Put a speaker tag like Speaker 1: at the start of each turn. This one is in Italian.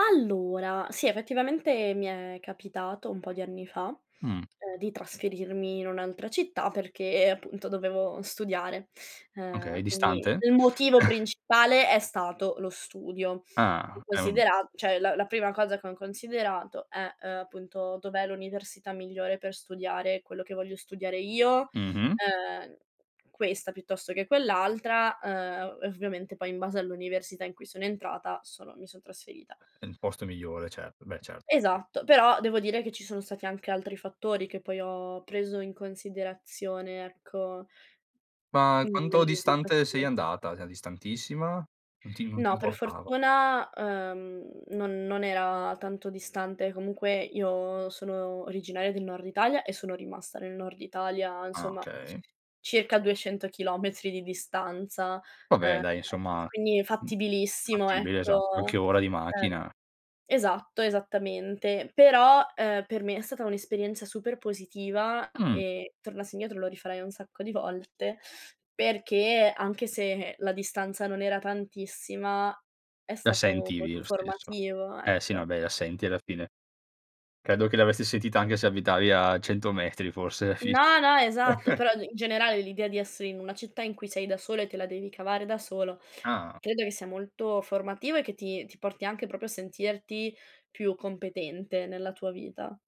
Speaker 1: Allora, sì, effettivamente mi è capitato un po' di anni fa,
Speaker 2: Mh.
Speaker 1: ehm, di trasferirmi in un'altra città perché appunto dovevo studiare.
Speaker 2: Okay,
Speaker 1: Ehm, quindi
Speaker 2: distante?
Speaker 1: il motivo principale è stato lo studio.
Speaker 2: Ah, è un
Speaker 1: Considera cioè la la prima cosa che ho considerato è, ehm, appunto dov'è l'università migliore per studiare quello che voglio studiare io,
Speaker 2: Mh-mh.
Speaker 1: ehm, questa piuttosto che quell'altra, ehm, e ovviamente poi in base all'università in cui sono entrata sono mi son trasferita.
Speaker 2: È il posto migliore, certo. Beh certo, sì.
Speaker 1: Esatto, però devo dire che ci sono stati anche altri fattori che poi ho preso in considerazione, ecco.
Speaker 2: Ma
Speaker 1: Mhmm,
Speaker 2: quanto
Speaker 1: nelle
Speaker 2: distante sei
Speaker 1: mie [unintelligible]
Speaker 2: andata? Cioè distantissima? Non ti im non ti
Speaker 1: No, per
Speaker 2: importava.
Speaker 1: fortuna, ehm, non non era tanto distante. Comunque io sono originaria del nord Italia e sono rimasta nel nord Italia,
Speaker 2: Ah
Speaker 1: insomma,
Speaker 2: okay.
Speaker 1: circa 200 chilometri di distanza.
Speaker 2: Vabbè
Speaker 1: Ehm,
Speaker 2: dai insomma,
Speaker 1: quindi,
Speaker 2: mh,
Speaker 1: fattibilissimo,
Speaker 2: fattibile
Speaker 1: ecco.
Speaker 2: esatto, qualche ora di
Speaker 1: Ehm
Speaker 2: macchina.
Speaker 1: esatto, esattamente. Però, ehm, per me è stata un'esperienza super positiva
Speaker 2: Mh.
Speaker 1: e tornassi indietro lo rifarei un sacco di volte, perché anche se la distanza non era tantissima è
Speaker 2: La
Speaker 1: stato
Speaker 2: sentivi
Speaker 1: molto
Speaker 2: lo stesso.
Speaker 1: formativo,
Speaker 2: Eh sì no,
Speaker 1: ecco.
Speaker 2: vabbè, la senti alla fine. Credo che l'avresti sentita anche se abitavi a 100 metri forse alla fine.
Speaker 1: No, no, esatto, però i in generale l'idea di essere in una città in cui sei da sola e te la devi cavare da solo,
Speaker 2: Ah.
Speaker 1: credo che sia molto formativo e che ti ti porti anche proprio a sentirti più competente nella tua vita.